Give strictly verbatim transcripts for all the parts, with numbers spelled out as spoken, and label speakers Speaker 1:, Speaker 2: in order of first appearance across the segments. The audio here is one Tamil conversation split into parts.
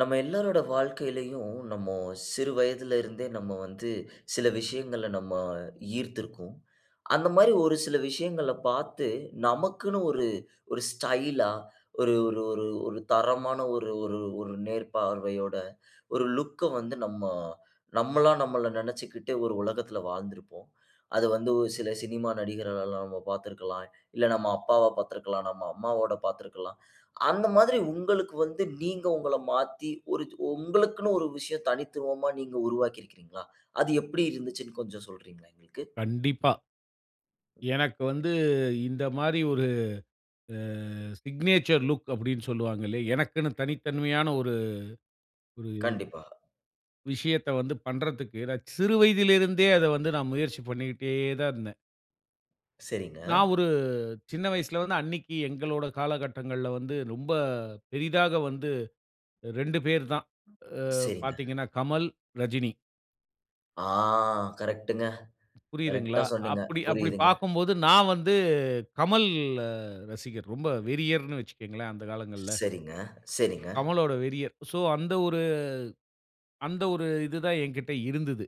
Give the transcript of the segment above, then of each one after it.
Speaker 1: நம்ம எல்லாரோட வாழ்க்கையிலும், நம்ம சிறு வயதிலிருந்தே நம்ம வந்து சில விஷயங்ள்ல நம்ம ஈர்த்துருக்கும். அந்த மாரி ஒரு சில விஷயங்கள பாத்து, நமக்குன்னு ஒரு ஒரு ஸ்டைலா, ஒரு ஒரு ஒரு ஒரு தரமான ஒரு ஒரு ஒரு நேர்பார்வையோட ஒரு லுக்‌ அ வந்து நம்ம, நம்மளா நம்மள நம்ம நினைச்சுகிட்டு ஒரு உலகத்தில வாழ்ந்திருப்போம். அது வந்து ஒ சில சினிமா நடிகர்கள்லாம் நம்ம பாத்திருக்கலாம். இல்ல நம்ம அப்பாவ பாத்திருக்கலாம். நம்ம அம்மாவோட பாத்திருக்கலாம். அந்த மாதிரி உங்களுக்கு வந்து, நீங்க உங்கள மாத்தி ஒரு ஓ உங்களுக்குன்னு ஒரு விஷயம் தனித்துவமா நீங்க உருவாக்கி இருக்கீங்களா? அது எப்டி இருந்ததுச்சுன்னு கொஞ்சம் சொல்றீங்களா? எங்களுக்கு.
Speaker 2: கண்டிப்பா.
Speaker 1: கண்டிப்.
Speaker 2: எனக்கு வந்து இந்த மாரி ஒரு அ சிக்னேச்சர் லுக் அப்டீன்னு சொல்லுவாங்கல்ல. எனக்குன்னு தனித்தன்மையான ஒரு ஒரு
Speaker 1: கண்டிப்பாக.
Speaker 2: விஷயத்த வந்து பண்றத்துக்கு எனக்கு சிறு வயதில இருந்தே அத வந்து நான் முயற்சி பண்ணிட்டே தான் இருந்தேன்.
Speaker 1: சரிங்க.
Speaker 2: நான் ஒரு சின்ன வயசுல வந்து அன்னைக்கு எங்களோட காலகட்டங்கள்ல வந்து ரொம்ப பெரிதாக வந்து ரெண்டு பேர் தான். அ
Speaker 1: சரிங்க.
Speaker 2: பாத்தீங்கன்னா கமல், ரஜினி.
Speaker 1: ஆ கரெக்ட்‌ங்க. கரெக்ட்‌டா
Speaker 2: புரியுதுங்களா?
Speaker 1: சொன்னீங்க.
Speaker 2: அப்படி, அப்படி
Speaker 1: புரியுதுங்க.
Speaker 2: பார்க்கும்போது நான் வந்து கமல் அ ரசிகர். ரொம்ப வெறியர்ன்னு வச்சுக்கங்களேன், அந்த காலங்கள்ல.
Speaker 1: சரிங்க, சரிங்க.
Speaker 2: கமலோட வெறியர். சோ அந்த ஒரு அந்த ஒரு இதுதான் என்கிட்ட இருந்தது.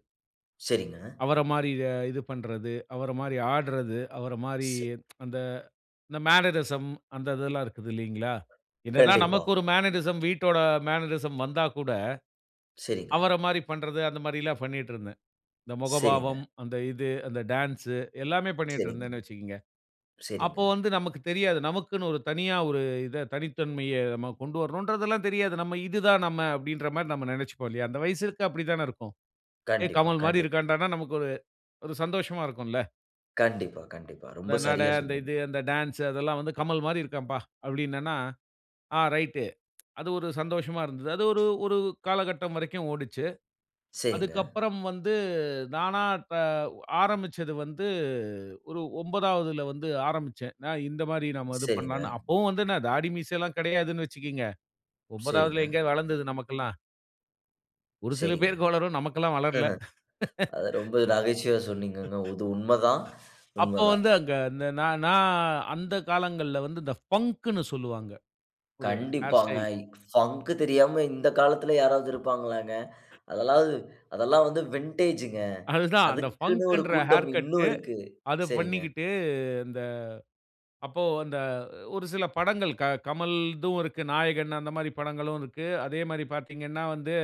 Speaker 1: சரிங்க.
Speaker 2: அவர மாரி எ இது பண்ணுறது, அவர மாரி ஆடுறது, அவர மாரி அந்த அந்த மேனரிசம் அந்த இதெல்லாம் இருக்குது இல்லீங்களா? என்ன தான்
Speaker 1: கண்டிப்பா.
Speaker 2: நமக்கு ஒரு மேனரிசம் வீட்டோட மேனரிசம் வந்தா கூட,
Speaker 1: சரிங்க.
Speaker 2: அவர மாரி பண்ணுறது அந்த மாதிரிலாம் பண்ணிட்டு இருந்தேன். இந்த
Speaker 1: சரிங்க.
Speaker 2: முகபாவம், அந்த இது அந்த டான்ஸ், எல்லாமே பண்ணிட்டு
Speaker 1: சரிங்க,
Speaker 2: இருந்தேன்னு வச்சுக்குங்க.
Speaker 1: சரிங்க.
Speaker 2: அப்போ வந்து நமக்கு தெரியாது. நமக்குன்னு ஒரு தனியா ஒரு இதை தனித்தன்மையை நாம கொண்டு வரணுன்றதெல்லாம் தெரியாது. நம்ம "இதுதான் நம்ம" அப்டீன்ற மாரி நம்ம நினைச்சிப்போம் இல்லையா! அந்த வயசுக்கு அப்படி தானே இருக்கும். "ஏய்
Speaker 1: கண்டிப்பா,
Speaker 2: கமல் மாரி
Speaker 1: கண்டிப்பா.
Speaker 2: இருக்கான்டான்னா," நமக்கு ஒரு ஒரு சந்தோஷமா இருக்கும்ல.
Speaker 1: கண்டிப்பா, கண்டிப்பா. ரொம்ப
Speaker 2: "இந்த நடை,
Speaker 1: சரியா
Speaker 2: அந்த
Speaker 1: சொன்னீங்க.
Speaker 2: இது அந்த டான்ஸ், அதெல்லாம் வந்து கமல் மாரி இருக்கான்ப்பா," அப்படின்னான்னா, "ஆ ரைட்‌டு" அது ஒரு சந்தோஷமா இருந்தது. அது ஒரு ஒரு காலகட்டம் வரைக்கும் ஓடுச்சு.
Speaker 1: சரிங்க.
Speaker 2: அதுக்கப்புறம் வந்து நானா த ஆரம்பிச்சது வந்து ஒரு ஒம்பதாவதில வந்து ஆரம்பிச்சேன். நான் இந்த மாரி நம்ம இது
Speaker 1: சரிங்க.
Speaker 2: பண்ணலாம்னு அப்பவும் வந்து என்ன தாடி மீசைலாம் கிடையாதுன்னு வச்சிக்கோங்க.
Speaker 1: சரிங்க
Speaker 2: ஒம்பதாவதில எங்க வளர்ந்தது நமக்கெல்லாம்? ஒரு சில
Speaker 1: சரிங்க.
Speaker 2: பேருக்கு வளரும். நமக்கெல்லாம் வளரல.
Speaker 1: அது ரொம்ப நகைச்சுவையா சொன்னீங்கங்க. இது உண்மதான்
Speaker 2: அப்போ
Speaker 1: உண்மதான்.
Speaker 2: வந்து அங்க அந்த நா நா அந்த காலங்கள்ல வந்து இந்த ஃபங்குனு சொல்லுவாங்க. ஒரு ஹேர்
Speaker 1: கண்டிப்பாங்க.
Speaker 2: ஸ்டைல்.
Speaker 1: ஃபங்கு தெரியாம இந்த காலத்துல யாராவது இருப்பாங்களாங்க. அதெல்லாம் அதெல்லா வந்து வின்டேஜுங்க.
Speaker 2: அதுதான், அந்த
Speaker 1: அதுக்குன்னு ஒரு
Speaker 2: ஃபங்குன்ற
Speaker 1: கூட்டம்
Speaker 2: ஹேர்
Speaker 1: இன்னு
Speaker 2: கட்டு
Speaker 1: இருக்கு.
Speaker 2: அத
Speaker 1: சரிங்க.
Speaker 2: பண்ணிக்கிட்டு, இந்த அப்போ இந்த ஒரு சில படங்கள் க கமல்தும் இருக்கு. நாயகன் அந்த மாரி படங்களும் இருக்கு. அதே மாரி பாத்தீங்கன்னா வந்து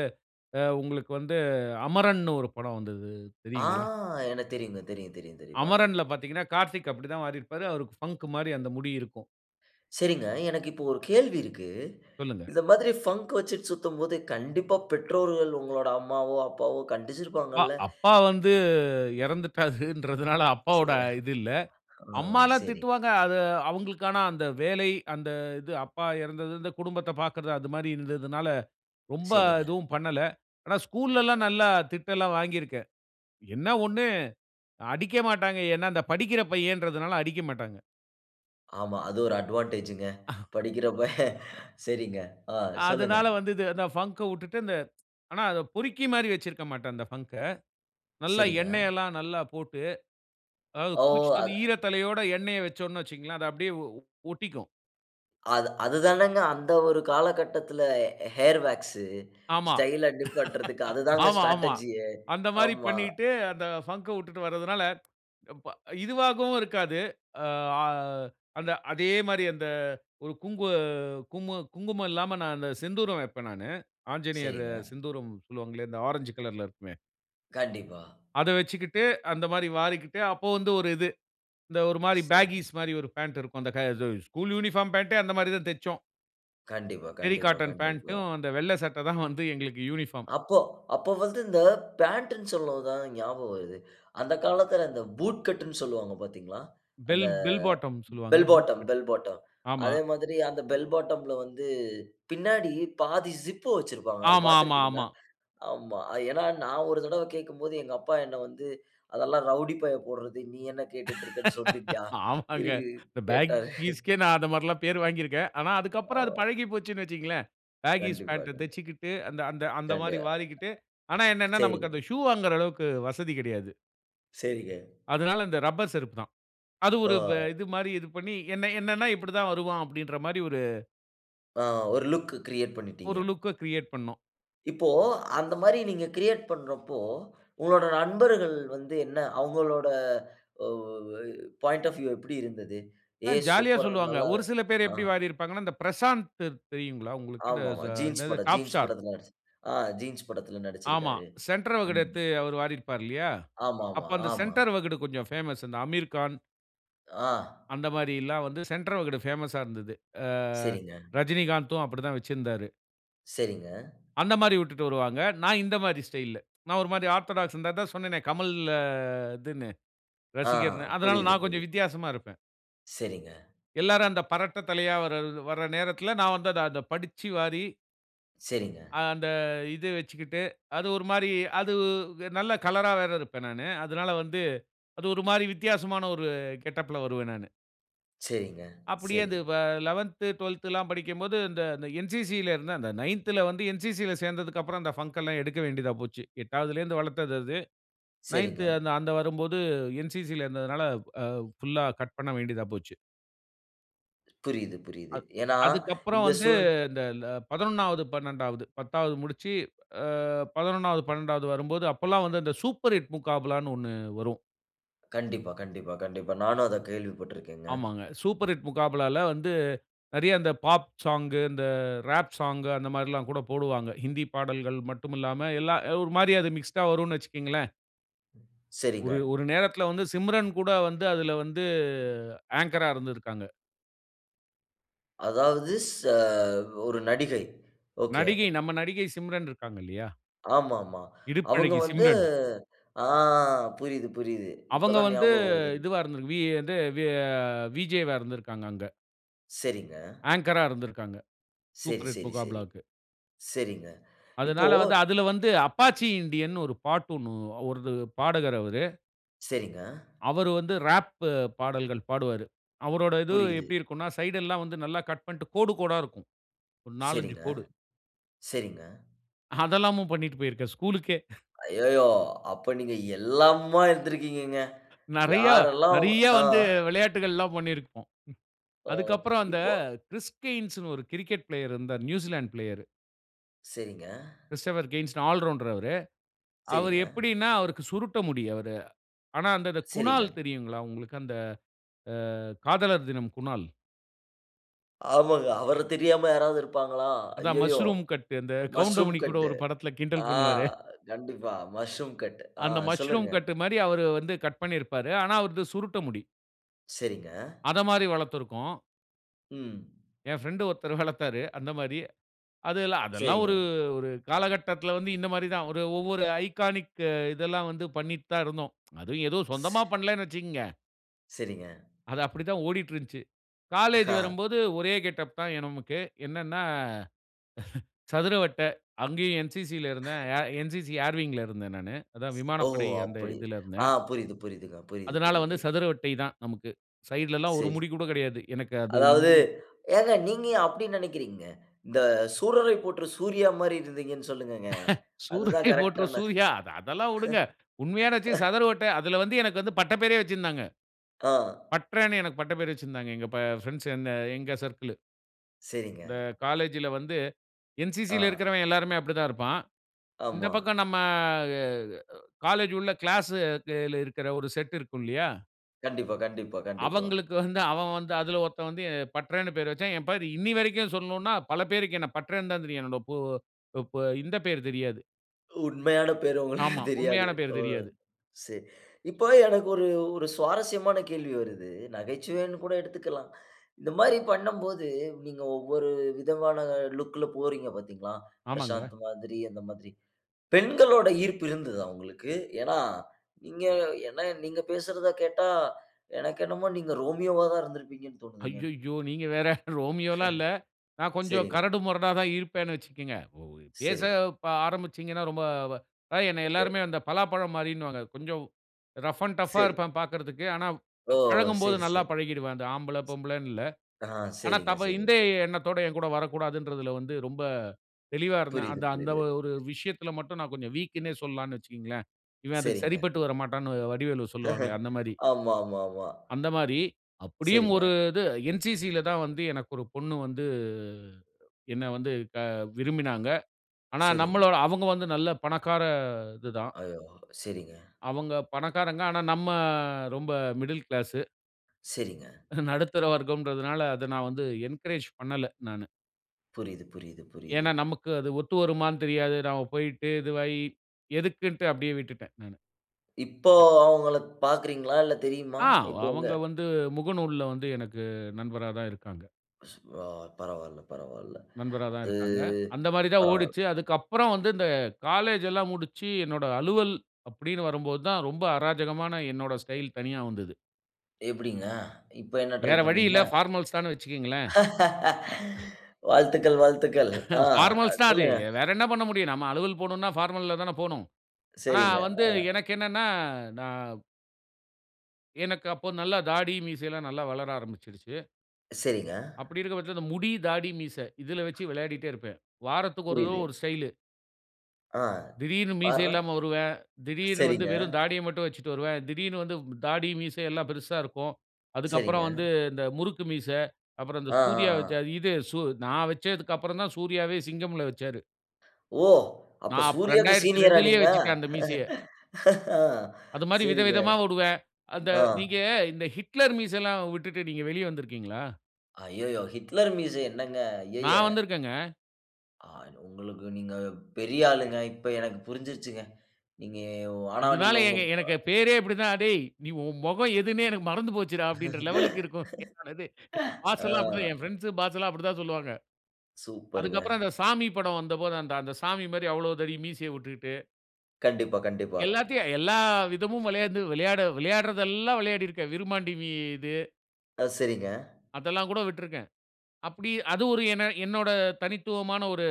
Speaker 2: உங்களுக்கு வந்து அமரன்னு ஒரு படம் வந்தது
Speaker 1: ஆ!
Speaker 2: தெரியுங்களா?
Speaker 1: எனக்கு தெரியுங்க. தெரியும் தெரியும் தெரியும்
Speaker 2: அமரன்ல
Speaker 1: பாத்திருக்கேன்.
Speaker 2: பாத்தீங்கன்னா கார்த்திக் அப்படித்தா வாரி இருப்பாரு. அவருக்கு ஃபங்கு மாரி அந்த முடி இருக்கும்.
Speaker 1: சரிங்க. எனக்கு இப்போ ஒரு கேள்வி இருக்கு.
Speaker 2: சொல்லுங்க.
Speaker 1: இந்த மாதிரி ஃபங்கு வெச்சுட்டு சுத்தும்போது கண்டிப்பா பெற்றோர்கள் உங்களுடைய அம்மாவோ அப்பாவோ கண்டிச்சுருப்பாங்கள?
Speaker 2: அப்பா வந்து இறந்துட்டாங்கன்றதுனால அப்பாவோட
Speaker 1: சரி.
Speaker 2: இது இல்லை.
Speaker 1: ஓ,
Speaker 2: அம்மாலாம்
Speaker 1: சரி.
Speaker 2: திட்டுவாங்க அது அவங்களுக்கான அந்த வேலை அந்த இது அப்பா இறந்தது இந்த குடும்பத்த பாக்குறது அது மாதிரி இருந்ததுனால, ரொம்ப
Speaker 1: சரிங்க.
Speaker 2: எதுவும் பண்ணல. ஆனா ஸ்கூல்லலாம் நல்லா திட்டெல்லாம் வாங்கியிருக்கேன். என்ன ஒண்ணு அடிக்க மாட்டாங்க. ஏன்னா, இந்த படிக்கிற பையன்றதுனால அடிக்க மாட்டாங்க.
Speaker 1: ஆமா, அது ஒரு அட்வான்டேஜ்ங்க படிக்கிறப்ப. சரிங்க, ஆ. சொல்லுங்க.
Speaker 2: அதனால வந்து இது அதான் ஃபங்க்‌க உட்டுட்டு அந்த ஆனா அத பொறுக்கி மாரி வச்சிருக்க மாட்டேன், அந்த ஃபங்க்‌க. நல்லா எண்ணெய்
Speaker 1: சரிங்க.
Speaker 2: எல்லாம் நல்லா போட்டு அதாவது
Speaker 1: ஓ!
Speaker 2: குளிச்சுட்டு
Speaker 1: அத
Speaker 2: வந்து ஈரத்தலையோட எண்ணெயை வச்சோம்னு வச்சுக்கோங்களேன் அது அப்படியே ஒ ஒட்டிக்கும்.
Speaker 1: அது அது தானங்க அந்த ஒரு காலகட்டத்தில ஹேர் வேக்ஸ்.
Speaker 2: ஆமா.
Speaker 1: ஸ்டைல்‌லா நிப்பாட்டுறதுக்கு அதுதாங்க
Speaker 2: ஆமா, ஆமா.
Speaker 1: ஸ்ட்ராட்ஜியே.
Speaker 2: அந்த மாதிரி
Speaker 1: ஆமா.
Speaker 2: பண்ணிட்டு அந்த ஃபங்க்‌க உட்டுட்டு வர்றதுனால, இப்ப இதுவாகவும் இருக்காது. அ அ அந்த அதே மாரி அந்த ஒரு குங்கு கும்ம குங்குமம் இல்லாம நான் அந்த செந்தூரம் வப்பேன் நானு. ஆஞ்சநேயர்
Speaker 1: சரிங்க.
Speaker 2: சிந்தூரம் சொல்லுவாங்களே! இந்த ஆரஞ்சு கலர்‌ல இருக்குமே
Speaker 1: கண்டிப்பா.
Speaker 2: அத வச்சிக்கிட்டு, அந்த மாதிரி வாரிக்கிட்டு அப்போ வந்து ஒரு இது. இந்த ஒரு மாரி
Speaker 1: சரிங்.
Speaker 2: பேகீஸ் மாரி ஒரு பேன்ட் இருக்கும். அந்த க ஸு ஸ்கூல் யூனிஃபார்ம் பேன்ட்‌டே அந்த மாதிரி தான் தைச்சோம்.
Speaker 1: கண்டிப்பா,
Speaker 2: டெர்ரி
Speaker 1: கண்டிப்பா,
Speaker 2: காட்டன்
Speaker 1: கண்டிப்பா.
Speaker 2: பேன்ட்‌டும், அந்த வெள்ளை சட்டை தான் வந்து எங்களுக்கு யூனிஃபார்ம்.
Speaker 1: அப்போ அப்போ வந்து இந்த பேன்ட்ன்னு சொல்லவும் தான் ஞாபகம் வருது. அந்த காலத்தில அந்த பூட் கட்ன்னு சொல்லுவாங்க பார்த்தீங்களா? அந்த
Speaker 2: பெல் பெல் பாட்டம்னு சொல்லுவாவ்க.
Speaker 1: Bell
Speaker 2: boot
Speaker 1: bottom,
Speaker 2: cut.
Speaker 1: Bell bottom.
Speaker 2: ஆமா.
Speaker 1: அதே மாரி அந்த பெல் பாட்டம்‌ல வந்து பின்னாடி பாதி ஜிப் வச்சிருப்பாங்க. அது
Speaker 2: ஆமா, ஆமா,
Speaker 1: பார்த்திருக்கிறீங்களா?
Speaker 2: ஆமா.
Speaker 1: ஆமா. ஏன்னா, நான் ஒரு தடவை கேட்கும்போது எங்க அப்பா என்ன வந்து, "அதெல்லாம் ரவுடி பையன் போடுறது. நீ என்ன கேட்டுட்டு இருக்க" [unintelligible]
Speaker 2: ஆமாங்க.
Speaker 1: இருக்கு
Speaker 2: இந்த பேக்
Speaker 1: கேட்டாரு.
Speaker 2: கீஸ்‌க்கே நான் அந்த மாரில்லாம் பேர் வாங்கிருக்கேன். ஆனா
Speaker 1: ஆ
Speaker 2: அதுக்கப்புறம் அது பழகி போச்சுன்னு வச்சுக்கோங்களேன். பேகீஸ்‌
Speaker 1: கண்டிப்பா,
Speaker 2: பேன்ட்‌ட
Speaker 1: கண்டிப்பா.
Speaker 2: தைச்சுக்கிட்டு, அந்த அந்த அந்த
Speaker 1: கண்டு
Speaker 2: மாதிரி வாரிக்கிட்டு ஆனா என்னன்னா நமக்கு
Speaker 1: சரிங்க.
Speaker 2: அந்த ஷூ வாங்குற அளவுக்கு வசதி கிடையாது.
Speaker 1: சரிங்க.
Speaker 2: அதனால, இந்த ரப்பர் செருப்பு தான். அது ஒரு
Speaker 1: ஓ!
Speaker 2: இது மாரி இது பண்ணி என்ன என்னன்னா, இப்டிதான் வருவான் அப்படின்ற மாரி ஒரு
Speaker 1: ஆ! ஒரு லுக் கிரியேட் பண்ணிட்டீங்க.
Speaker 2: ஒரு லுக்‌க கிரியேட் பண்ணும்.
Speaker 1: இப்போ அந்த மாரி நீங்க கிரியேட் பண்ணுறப்போ, உங்களோட நண்பர்கள் வந்து என்ன அவங்களோட வ பாயிண்ட் ஆஃப் வியூ எப்படி இருந்தது?
Speaker 2: அ
Speaker 1: ஏய்
Speaker 2: ஜாலியா
Speaker 1: சூப்பர்
Speaker 2: சொல்லுவாங்க.
Speaker 1: நல்லா
Speaker 2: ஒரு சில பேரு
Speaker 1: ஆ.
Speaker 2: எப்டி வாரீருப்பாங்கன்னா, இந்த பிரசாந்த் தெரியுங்களா உங்களுக்கு? த
Speaker 1: ஆமாமா. ஜீன்ஸ்
Speaker 2: என்னது
Speaker 1: படம்.
Speaker 2: டாப்
Speaker 1: ஜீன்ஸ்
Speaker 2: ஸ்டார்
Speaker 1: படத்தில ஆ ஜீன்ஸ் படத்தில
Speaker 2: ஆமா.
Speaker 1: நடிச்சிருக்காரு.
Speaker 2: சென்டர் வகுடு
Speaker 1: ம்.
Speaker 2: எடுத்து அவரு வாரிருப்பாரு இல்லையா?
Speaker 1: ஆமா, ஆமா.
Speaker 2: அப்போ அந்த
Speaker 1: ஆமா.
Speaker 2: சென்டர் வகுடு கொஞ்சம் ஃபேமஸ் அந்த அமீர்கான்
Speaker 1: ஆ.
Speaker 2: அந்த மாரி எல்லாவந்து சென்டர் வகுடு பேமஸ்‌ஸா இருந்தது. ஆ
Speaker 1: சரிங்க.
Speaker 2: ரஜினிகாந்தும் அப்படித்தான் வச்சிருந்தாரு.
Speaker 1: சரிங்க.
Speaker 2: அந்த மாரி விட்டுட்டு வருவாங்க. நான் இந்த மாரி ஸ்டைல். நான் ஒரு மாதிரி ஆர்தோடக்ஸ் இந்தத தான் சொன்னனே கமல் இதுன்னு
Speaker 1: ஆ!
Speaker 2: ரசிகர்ன்னு. அதனால
Speaker 1: புரியுது,
Speaker 2: நான் கொஞ்சம்
Speaker 1: புரியுது.
Speaker 2: வித்தியாசமா இருப்பேன்.
Speaker 1: சரிங்க.
Speaker 2: எல்லாரும் அந்த பரட்டை தலையா வர வர நேரத்தில, நான் வந்து அத படிச்சு வாரி
Speaker 1: சரிங்க.
Speaker 2: அந்த இது வச்சுகிட்டு அது ஒரு மாரி அது நல்ல கலர்‌ரா வேற இருப்பேன் நானு. அதனால வந்து அது ஒரு மாரி வித்தியாசமான ஒரு கெட்டப்‌ல வருவேன் நானு.
Speaker 1: சரிங்க,
Speaker 2: அப்டியே
Speaker 1: சரி.
Speaker 2: அது வ லெவந்த், ட்வெல்த் லாம் படிக்கும்போது இந்த என்சிசில இருந்தேன் அந்த நைந்த்ல வந்து என்சிசி ல சேர்ந்தததுக்கு அப்புறம் அந்த பங்க எல்லாம் எடுக்க வேண்டியதா போச்சு. எட்டாவதுலருந்து வளர்த்தது அது.
Speaker 1: சரிங்க.
Speaker 2: நைந்த் அந்த அந்த வரும்போது என்சிசி ல இருந்ததனால, அ புல்‌லா கட் பண்ண வேண்டியதா போச்சு.
Speaker 1: புரியுது, புரியுது.
Speaker 2: அது
Speaker 1: ஏன்னா,
Speaker 2: அதுக்கப்புறம்
Speaker 1: இந்த
Speaker 2: வந்து
Speaker 1: சூழ்
Speaker 2: இந்த ல பதினொன்னாவது பண்ணண்டாவது பத்தாவது முடிச்சு அ பதனொன்னாவது, பண்ணண்டாவது வரும்போது அப்பல்லாம் வந்து இந்த சூப்பர் ஹிட் முக்காபலா ன்னு ஒண்ணு வரும்.
Speaker 1: கண்டிப்பா, கண்டிப்பா, கண்டிப்பா. நானும் அத கேள்வி பட்ருக்கேங்க.
Speaker 2: ஆமாங்க. சூப்பர் ஹிட் முகாபலா வ்ல வந்து நெறைய இந்த, பாப் சாங் இந்த ராப் சாங் அந்த மாரில்லாம் கூட போடுவாங்க. ஹிந்தி பாடல்கள் மட்டுமில்லாம எல்லாம் ஒரு மாரி அது மிக்ஸ்ட்‌டா வரும்னு வச்சுக்ங்ளேன்.
Speaker 1: சரிங்க.
Speaker 2: ஒரு ஒரு நேரத்துல வந்து சிம்ரன் கூட வந்து அதுல வந்து ஆங்கரா இருந்திருக்காங்க.
Speaker 1: அதாவது ச ஒரு நடிகை. ஓகே.
Speaker 2: நடிகை நம்ம நடிகை சிம்ரன் இருக்காங்க இல்லியா?
Speaker 1: ஆமா, ஆமா. அவங்க
Speaker 2: இடுப்பழகி
Speaker 1: வந்து
Speaker 2: சிம்ரன்.
Speaker 1: ஆ புரியுது, புரியுது. இப்ப
Speaker 2: அவங்க
Speaker 1: தான்
Speaker 2: வந்து
Speaker 1: ஞாபகம் வருது.
Speaker 2: இதுவா இருந்துரு வி அது வி அ விஜே வா இருந்திருக்காங்க அங்க.
Speaker 1: சரிங்க.
Speaker 2: ஆங்கர்‌ரா இருந்திருக்காங்க.
Speaker 1: சரி,
Speaker 2: சூப்பர்ஹிட்
Speaker 1: சரி, சரி.
Speaker 2: முகாபுலாக்ககு.
Speaker 1: சரிங்க. இப்போ
Speaker 2: அதனால வந்து அதில வந்து அப்பாச்சி இண்டியன்னு ஒரு பாட்டு ஒண்ணு ஒரு பாடகர் அவரு.
Speaker 1: சரிங்க.
Speaker 2: அவரு வந்து, ராப் பாடல்கள் பாடுவாரு. அவரோட இது
Speaker 1: புரியிது.
Speaker 2: எப்படி இருக்கும்ன்னா? சைட் எல்லாம் வந்து நல்லா கட் பண்ணிட்டு கோடு கோடா இருக்கும். ஒரு நாலஞ்சு
Speaker 1: சரிங்க,
Speaker 2: கோடு.
Speaker 1: சரிங்க.
Speaker 2: அதெல்லாமும் பண்ணிட்டு போயிருக்கேன். ஸ்கூலுக்கே.
Speaker 1: ஐய்யய்யோ! அப்போ நீங்க எல்லாமுமா இருந்திருக்கீங்கங்க.
Speaker 2: நெறய
Speaker 1: யாரெல்லாம்
Speaker 2: நெறய
Speaker 1: அ.
Speaker 2: வந்து விளையாட்டுகள் எல்லாம் பண்ணியிருக்கோம்.
Speaker 1: ஓ!
Speaker 2: அதுக்கப்புறம் அந்த
Speaker 1: இப்போ
Speaker 2: க்றிஸ்டின்ஸ் னு ஒரு க்ரிக்கெட் ப்ளேயர் இருந்தாரு. New Zealand player.
Speaker 1: சரிங்க.
Speaker 2: கிறிஸ்டோபர் கென்ஸ் ஆல் ரவுண்டர் அவரு. அவரு
Speaker 1: சரிங்க.
Speaker 2: எப்படின்னா அவருக்கு சுருட்ட முடி. அவர். ஆனா அந்த
Speaker 1: சரிங்க.
Speaker 2: குணால் தெரியுங்களா? உங்களுக்கு அந்த அ காதலர் தினம் குணால்.
Speaker 1: ஆமாங்க. அவர தெரியாம யாராவது இருப்பாங்களா?
Speaker 2: அதான்
Speaker 1: அய்யய்யோ!
Speaker 2: மஸ்ரூம் கட் இந்த
Speaker 1: மஷ்ரூம்
Speaker 2: கவுண்டமணி கூட
Speaker 1: கட்.
Speaker 2: ஒரு படத்தில கிண்டல்
Speaker 1: ஆ,
Speaker 2: பண்ணுவாரே!
Speaker 1: கண்டிப்பா மஷ்ரூம் கட். ஆ
Speaker 2: அந்த மஸ்ரூம்
Speaker 1: சொல்லுங்க.
Speaker 2: கட்மாரி அவர் வந்து கட் பண்ணியிருப்பாரு. ஆனா அவரது சுருட்ட முடி.
Speaker 1: சரிங்க.
Speaker 2: அத மாரி வளர்த்திருக்கோம்.
Speaker 1: ம்
Speaker 2: என் பிரெண்ட் ஒருத்தரு வளர்த்தாரு. அந்த மாரி. அதெல்லாம் அதெல்லாம் ஒரு
Speaker 1: சரிங்க.
Speaker 2: ஒரு காலகட்டத்தில வந்து, இந்த மாதிரி தான். ஒரு ஒவ்வொரு ஐகானிக் இதெல்லாம் வந்து பண்ணிட்டு தான் இருந்தோம். அதுவும் ஏதோ சொந்தமா
Speaker 1: ஸ்.
Speaker 2: பண்ணலன்னு வச்சுக்கோங்க.
Speaker 1: சரிங்க.
Speaker 2: அது அப்டிதான் ஓடிட்டு இருந்துச்சு. காலேஜ்
Speaker 1: ஹ.
Speaker 2: வரும்போது ஒரே கெட்டப் தான் என் நமக்கு. என்னன்னா அ சதுரவட்ட அங்கேயும் என்சிசில இருந்தேன். என்சிசி ஏர்விங்‌ ல இருந்தேன் நானு. அதான்
Speaker 1: ஓ!
Speaker 2: விமானப்படை அந்த
Speaker 1: அப்படி,
Speaker 2: இதுல
Speaker 1: ஆ
Speaker 2: இருந்தேன்.
Speaker 1: புரியுது, புரியிதுங்க. புரியுது,
Speaker 2: அதனால
Speaker 1: புரியுது.
Speaker 2: வந்து சதுரவட்டை தான் நமக்கு. சைடுல ல்லாம் ஒரு
Speaker 1: சரி.
Speaker 2: முடி கூட கிடையாது. எனக்கு அது
Speaker 1: அதாவது
Speaker 2: இங்கயும்
Speaker 1: ஏங்க நீங்க ஏன் அப்படி நினைக்கிறீங்க? இந்த சூரரை போற்று சூர்யா மாரி இருந்தீங்கன்னு சொல்லுங்கங்க. அது தான்
Speaker 2: சூரரை
Speaker 1: கரெக்ட்
Speaker 2: போற்று
Speaker 1: ஆன ஹ.
Speaker 2: சூர்யா அதெல்லாம் விடுங்க. உண்மையான [unintelligible] சதுர வட்டை அதுல வந்து எனக்கு வந்து பட்ட பெயரே வச்சுயிருந்தாங்க.
Speaker 1: ஆ.
Speaker 2: பட்றன்னு எனக்கு பட்ட பெயர் வச்சிருந்தாங்க எங்க ஃபிரன்ஸ் எங்க சர்க்கிள்.
Speaker 1: சரிங்க.
Speaker 2: இந்த காலேஜ்‌ல வந்து என்சிசி ல
Speaker 1: ஆ.
Speaker 2: இருக்கிறவன் எல்லோருமே அப்டிதான் இருப்பான். இந்த
Speaker 1: ஆமா.
Speaker 2: பக்கம் நம்ம அ இ காலேஜ் உள்ள கிளாஸ்‌ல இருக்குற ஒரு செட் இருக்கும் இல்லையா?
Speaker 1: கண்டிப்பா, கண்டிப்பா, கண்டிப்பா.
Speaker 2: அவுங்களுக்கு வந்து அவன் வந்து அதுல ஒருத்தன் வந்து பட்றன்னு பெயர் வச்சான். ஏன் பேர் இன்னைய வரைக்கும் சொன்னோன்னா பல பேருக்கு என்ன பட்றன்னு தான் தெரியும். என்னுடைய பொ அ இந்த பெயர் தெரியாது.
Speaker 1: உண்மையான பெயர் உங்களுக்கு
Speaker 2: ஆமா.
Speaker 1: தெரியாது.
Speaker 2: உண்மையான பேரு
Speaker 1: ஓ!
Speaker 2: தெரியாது.
Speaker 1: சரி. இப்போ எனக்கு ஒரு ஒரு சுவாரஸ்யமான கேள்வி வருது. நகைச்சுவைன்னு கூட எடுத்துக்கலாம். இந்த மாரி பண்ணும்போது நீங்க ஒவ்வொரு விதமான லுக்‌ல போறீங்க பார்த்தீங்களா.
Speaker 2: ஆமாங்க.
Speaker 1: பிரசாந்த் மாதிரி அந்த மாதிரி .பெண்களோட ஈர்ப்பு இருந்ததா உங்களுக்கு? ஏன்னா நீங்க என்ன நீங்க பேசுறத கேட்டா எனக்கு என்னமோ நீங்க ரோமியோ வா தான் இருந்திருப்பீங்கன்னு தோனுதுங்க.
Speaker 2: ஐய்யய்யோ! நீங்க வேற ரோமியோலா இல்ல நான் கொஞ்சம்
Speaker 1: சரிங்க.
Speaker 2: கரடு முரடா தா இருப்பேன்னு வச்சுக்கங்க. பேச
Speaker 1: சரிங்க.
Speaker 2: ப ஆரம்பிச்சீங்கன்னா ரொம்ப அதா என்ன
Speaker 1: ஏ.
Speaker 2: எல்லோருமே அந்த பலாப்பழம் மாரின்னுவாங்க கொஞ்சம் ரஃப் அண்ட் டஃப்‌ ஆ
Speaker 1: சரி.
Speaker 2: இருப்பேன் பார்க்கறதுக்கு, ஆனா
Speaker 1: ஓ!
Speaker 2: பழகும்போது
Speaker 1: சரி,
Speaker 2: நல்லா
Speaker 1: சரி.
Speaker 2: பழகிடுவேன் அந்த ஆம்பள பொம்பளன்னு இல்ல.
Speaker 1: ஆ.
Speaker 2: ஆனா
Speaker 1: சரிங்க,
Speaker 2: தவ இந்த
Speaker 1: சரிங்க.
Speaker 2: எண்ணத்தோட என்கூட வரக்கூடாதுன்றதுல வந்து ரொம்ப தெளிவா இருந்தேன்.
Speaker 1: புரிது,
Speaker 2: அந்த அந்த
Speaker 1: புரிது.
Speaker 2: ஒரு விஷயத்துல மட்டும் நான் கொஞ்சம் வீக்குன்னே சொல்லலாம்ன்னு வச்சுக்கங்களேன். "இவன் அதுக்கு
Speaker 1: சரிங்க.
Speaker 2: சரிப்பட்டு வரமாட்டான்ன்னு" வடிவேலு சொல்லுவாங்களே அந்த மாரி.
Speaker 1: ஆமா, ஆமா, ஆமா.
Speaker 2: அந்த மாரி அப்படியும்
Speaker 1: சரிங்க.
Speaker 2: ஒரு இது என்சிசி இல தான் வந்து எனக்கு ஒரு பொண்ணு வந்து என்ன வந்து அ விரும்பினாங்க. ஆனா
Speaker 1: சரிங்க.
Speaker 2: நம்மலோட அவுங்க வந்து நல்ல பணக்கார இது தான்.
Speaker 1: ஐயோ. சரிங்க.
Speaker 2: அவுங்க பணக்காரங்க. ஆனா நம்ம ரொம்ப மிடில் கிளாஸ்.
Speaker 1: சரிங்க.
Speaker 2: நடுத்தர வர்க்கம்ன்றதுனால அத நான் வந்து என்கரேஜ் பண்ணல. நானு.
Speaker 1: புரியுது, புரியுது, புரியுது.
Speaker 2: ஏன்னா, நமக்கு அது ஒத்து வருமான்னு தெரியாது. நாம போயிட்டு இதுவாயி எதுக்குன்ட்டு அப்படியே விட்டுட்டேன். ம்.
Speaker 1: இப்போ அவுங்கள பார்க்கிறீங்களா? இல்ல தெரியுமா?
Speaker 2: ஆ. அவ
Speaker 1: இப்போ உங்க
Speaker 2: அவங்க வந்து முகநூல்ல வந்து எனக்கு நண்பரா தான் இருக்காங்க.
Speaker 1: ஓ! பரவால்ல பரவால்ல.
Speaker 2: நண்பரா தான்
Speaker 1: அது
Speaker 2: இருக்காங்க. அந்தமாரி தான்
Speaker 1: பரவால்ல.
Speaker 2: ஓடுச்சு. அதுக்கப்பறம் வந்து இந்த காலேஜ் எல்லாம் முடிச்சு, என்னோட அலுவல் அப்படீன்னு வரும்போது தான், ரொம்ப அராஜகமான என்னோட ஸ்டைல் தனியா வந்தது.
Speaker 1: எப்படீங்க? இப்ப என்ன ட்ரை
Speaker 2: வேற வழி
Speaker 1: பண்ணீங்க?
Speaker 2: இல்ல. ஃபார்மல்ஸ் தானு வச்சுக்கங்களேன்.
Speaker 1: வாழ்த்துக்கள். வாழ்த்துக்கள். ஆ
Speaker 2: ஃபார்மல்ஸ் தான் அது.
Speaker 1: சொல்லுங்க.
Speaker 2: வேற என்ன பண்ண முடியும். நம்ம அலுவல் போணுன்னா, ஃபார்மல்ல தான போணும். ஆனா
Speaker 1: சரிங்க,
Speaker 2: வந்து
Speaker 1: ஆ.
Speaker 2: எனக்கு என்னன்னா, நான் எனக்கு அப்போ நல்லா தாடி, மீசைல்லாம் நல்லா வளர ஆரம்பிச்சிருச்சு.
Speaker 1: சரிங்க.
Speaker 2: அப்படி இருக்க பட்சத்துல, அந்த முடி, தாடி, மீச இதுல வச்சு விளையாடிட்டே இருப்பேன். வாரத்துக்கு ஒரு தரவ
Speaker 1: புரியுது.
Speaker 2: ஒரு ஸ்டைலு.
Speaker 1: ஆ,
Speaker 2: திடீர்ன்னு மீசை
Speaker 1: பார்றா!
Speaker 2: இல்லாம வருவேன். திடீர்ன்னு வந்து
Speaker 1: சரிங்க.
Speaker 2: வெறும் தாடிய மட்டும் வச்சுட்டு வருவேன். திடீர்ன்னு வந்து தாடி, மீசை எல்லாம் பெருசா இருக்கும். அதுக்கப்பறம்
Speaker 1: சரிங்க.
Speaker 2: வந்து இந்த முறுக்கு மீசை, அப்பறம் இந்த
Speaker 1: ஆ, ஆ,
Speaker 2: சூர்யா
Speaker 1: ஆ.
Speaker 2: வச்ச இது சு நான் வச்சதுக்கு அப்பறந்தான் சூர்யாவே சிங்கமில்ல வச்சாரு.
Speaker 1: ஓ! அப்ப
Speaker 2: நான் அப்ப
Speaker 1: சூர்யாக்கு
Speaker 2: ரெண்டாயிரத்தி
Speaker 1: சீனியரா
Speaker 2: ரெண்டலயே
Speaker 1: நீங்க?
Speaker 2: வச்சுட்டேன் அந்த மீசையை. அது மாரி
Speaker 1: சரிங்க.
Speaker 2: விதவிதமா வுடுவேன். அந்த,
Speaker 1: ஆ.
Speaker 2: நீங்க இந்த ஹிட்லர் மீசைல்லாம் விட்டுட்டு நீங்க வெளிய வந்திருக்கீங்களா?
Speaker 1: ஐய்யய்யோ! ஹிட்லர் மீசை என்னங்க, ஐய்யய்ய!
Speaker 2: நான் வந்திருக்கேங்க.
Speaker 1: ஆ உங்களுக்கு நீங்க பெரிய ஆளுங்க. இப்ப எனக்கு புரிஞ்சிருச்சுங்க. நீங்க உ ஆனா
Speaker 2: இதுனால,
Speaker 1: நீங்கள் உங்க
Speaker 2: ஏங்க
Speaker 1: ப
Speaker 2: எனக்கு பேரே அப்படிதான். "டேய்! நீ உன் முகம் எதுன்னே எனக்கு மறந்து போச்சுறா." அப்படீன்ற லெவலலுக்கு இருக்கும். என்னோட இது. பாஸ்
Speaker 1: ஆ.
Speaker 2: எல்லாம் அப்படிதான் என் ஃபிரெண்ட்ஸு, பாஸ்ஸல்லாம் அப்படிதான் சொல்லுவாங்க.
Speaker 1: சூப்பருங்க.
Speaker 2: அதுக்கப்பறம், அந்த சாமி படம் வந்தபோது, அந்த அந்த சாமி மாரி, அவ்வளோ தடி மீசைய வுட்டுக்கிட்டு.
Speaker 1: கண்டிப்பா, கண்டிப்பா.
Speaker 2: எல்லாத்தையும், எல்லா விதமும் விளையாந்து விளையாட விளையாடுறதெல்லாம், விளையாடிருக்கேன். விருமாண்டி வி இது.
Speaker 1: அ சரிங்க.
Speaker 2: அதெல்லாம் கூட விட்டிருக்கேன். அப்படி, அது ஒரு என்ன என்னோட தனித்துவமான ஒரு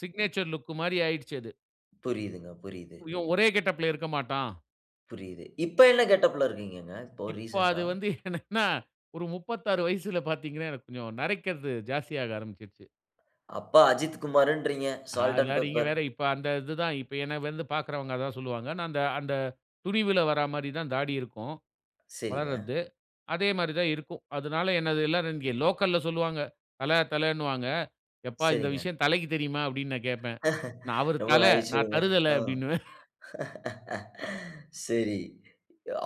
Speaker 2: சிக்னேச்சர் லுக்கு மாரி ஆயிடுச்சு அது.
Speaker 1: புரியுதுங்க, புரியுது.
Speaker 2: இவன் ஒரே கெட்டப்‌ல இருக்க மாட்டான்.
Speaker 1: புரியுது. இப்ப என்ன கெட்டப்‌ல இருக்கீங்கங்க? இப்போ
Speaker 2: இப்ப
Speaker 1: ரீசென்ட்டா.
Speaker 2: அது வந்து என்னன்னா, ஒரு முப்பத்தாறு வயசுல பார்த்தீங்கன்னா, எனக்கு கொஞ்சம் நரைக்கிறது, ஜாஸ்தியாக ஆரம்பிச்சுருச்சு.
Speaker 1: அப்ப அஜித் குமாருன்றீங்க. 'சால்ட் அன்ட்
Speaker 2: அதெல்லாம் நீங்க
Speaker 1: பெப்பர்'.
Speaker 2: வேற, இப்ப அந்த இதுதான். இப்ப என்னை வந்து பார்க்குறவங்க, அதான் சொல்லுவாங்க. நான் அந்த அந்த துணிவுல வர மாரி தான் தாடி இருக்கும்.
Speaker 1: சரிங்க.
Speaker 2: வளர்றது. அதே மாரி தான் இருக்கும். அதனால என்னது எல்லாரும், இங்க லோக்கல்ல சொல்லுவாங்க. தல தலன்னுவாங்க. "எப்பா! இந்த
Speaker 1: சரிங்க.
Speaker 2: விஷயம் தலைக்கு தெரியுமா?" அப்படீன்னு நான் கேட்பேன். நான், "அவரு
Speaker 1: ரொம்ப
Speaker 2: தலை, நான்
Speaker 1: நகைச்சுவைங்க.
Speaker 2: தருதல."
Speaker 1: ம்.
Speaker 2: அப்டின்னுவேன்.
Speaker 1: சரி.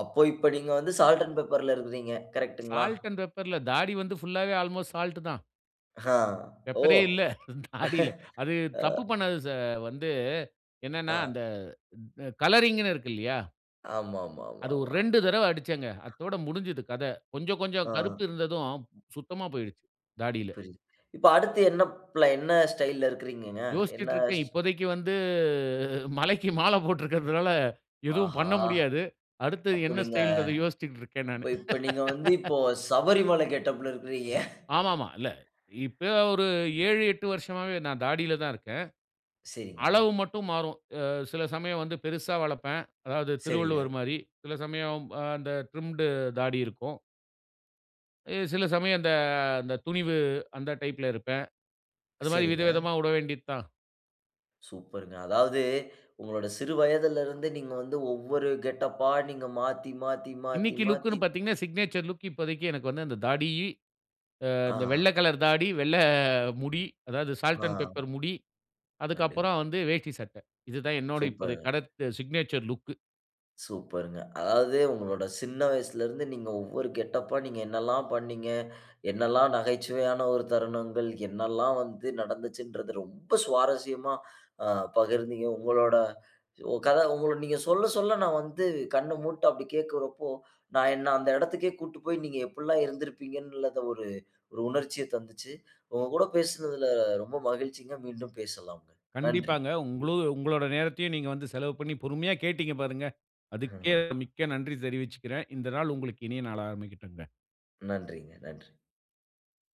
Speaker 1: அப்போ, இப்ப நீங்க வந்து, சால்ட் அன்ட் பெப்பர்ல இருக்குறீங்க. கரெக்ட்‌டுங்களா?
Speaker 2: 'Salt and pepper'. இல்ல. தாடி வந்து ஃபுல்லாவே, அல்மோஸ்ட் சால்ட் தான்.
Speaker 1: ஆஹ.
Speaker 2: பெப்பரே
Speaker 1: ஓ!
Speaker 2: இல்ல நாடியில அது
Speaker 1: அ
Speaker 2: தப்பு பண்ணது ச வந்து என்னனா,
Speaker 1: அ.
Speaker 2: அந்த ம் கலரிங்னு இருக்கு இல்லியா? அது ஒரு
Speaker 1: ஆமாமாமாமா.
Speaker 2: ரெண்டு தரவ அடிச்சேங்க. அத்தோட முடிஞ்சுது கத. கொஞ்சம் கொஞ்சம்
Speaker 1: ஆ.
Speaker 2: கருப்பு இருந்ததும் சுத்தமா போயிட்டுச்சி தாடியில.
Speaker 1: புரிது. இப்ப அடுத்து என்ன ப்ப ஸ்டைல்‌ல இருக்குறீங்க? என்ன
Speaker 2: யோசிச்சிட்டு இருக்கேன்.
Speaker 1: ஸ்
Speaker 2: இப்போதைக்கு வந்து மலைக்கு மால போட்டுருக்குறதுனால எதுவும்
Speaker 1: ஆஹா!
Speaker 2: பண்ண முடியாது. அடுத்து
Speaker 1: அப்ப
Speaker 2: என்ன
Speaker 1: நீங்க
Speaker 2: ஸ்டைல்ன்றத யோசிச்சிட்டுருக்கேன்
Speaker 1: இப்ப
Speaker 2: நானு
Speaker 1: இப்ப நீங்க வந்து இப்போ சபரிமலை கெட்டப்‌ல இருக்கிறீங்க
Speaker 2: ஆமா, ஆமா. இல்ல. இப்ப ஒரு ஏழு, எட்டு வருஷமாவே நான் தாடியில தான் இருக்கேன்.
Speaker 1: சரிங்க.
Speaker 2: அளவு மட்டும் மாறும். அ சில சமயம் வந்து பெருசா வளப்பேன். அதாவது
Speaker 1: சரிங்க.
Speaker 2: திருவள்ளுவர் மாரி, சில சமயம் அ அந்த ட்ரிம்ட் தாடி இருக்கும். அ சில சமயம் அந்த அந்த துணிவு அந்த டைப்‌ல இருப்பேன். அது மாரி
Speaker 1: சரிங்க.
Speaker 2: விதவிதமா உட வேண்டியத் தான்.
Speaker 1: சூப்பர்ங்க. அதாவது உங்களோட சிறு வயதுல இருந்து நீங்க வந்து ஒவ்வொரு கெட்டப்பா நீங்க மாத்தி மாத்தி
Speaker 2: இன்னைக்கு லுக்னு
Speaker 1: மாத்தி-மாத்தி.
Speaker 2: பாத்தீங்கன்னா, சிக்னேச்சர் லுக் இப்போதைக்கு எனக்கு வந்து அந்த தாடி ஆ இந்த
Speaker 1: ஆஹா!
Speaker 2: வெள்ள கலர் தாடி, வெள்ள முடி அதாவது சால்ட் அண்ட்
Speaker 1: ஆஹா!
Speaker 2: பேப்பர் முடி. அதுக்கு
Speaker 1: கண்டிப்பா.
Speaker 2: அப்புறம் வந்து வேஷ்டி சட்ட. இது தான் என்னுடைய இப்போதைய
Speaker 1: சூப்பர்ங்க.
Speaker 2: கடத் சிக்னேச்சர் லுக்
Speaker 1: சூப்பர்ங்க. அதாவது உங்களோட சின்ன வயசுலருந்து நீங்க ஒவ்வொரு கெட்டபா நீங்க என்னவெல்லாம் பண்ணீங்க. என்னெல்லாம், நகைச்சுவையான ஒரு தருணங்கள் என்னவெல்லாம், வந்து நடந்துச்சின்றத ரொம்ப சுவாரஸ்யமா அ பகிர்ந்தீங்க. உங்களோட கத உங்க நீங்க சொல்ல, சொல்ல நான் வந்து கண்ண மூட்டு அப்டி கேட்குறபோ, நான் என்ன அந்த இடத்துக்கே கூட்டு போய் நீங்க எப்டில்லா இருந்துருப்பீங்கனு ஒரு ஒரு உணர்ச்சிய தந்துச்சி. உங்க கூட பேசுனதுல, ரொம்ப மகிழ்ச்சிங்க. மீண்டும் பேசலாம். நன்றி
Speaker 2: கண்டிப்பாங்க. உங்களு உங்களோட நேரத்தையும் நீங்க வந்து செலவு பண்ணி பொறுமையா கேட்டீங்க பாருங்க. அதுக்கே
Speaker 1: ம்ஹ்ம்.
Speaker 2: மிக்க நன்றி தெரிவிச்சிக்குறேன். இந்த நாள் உங்களுக்கு இனிய நாளா ஆரம்பிக்கட்டும்ங்க.
Speaker 1: நன்றிங்க, நன்றி.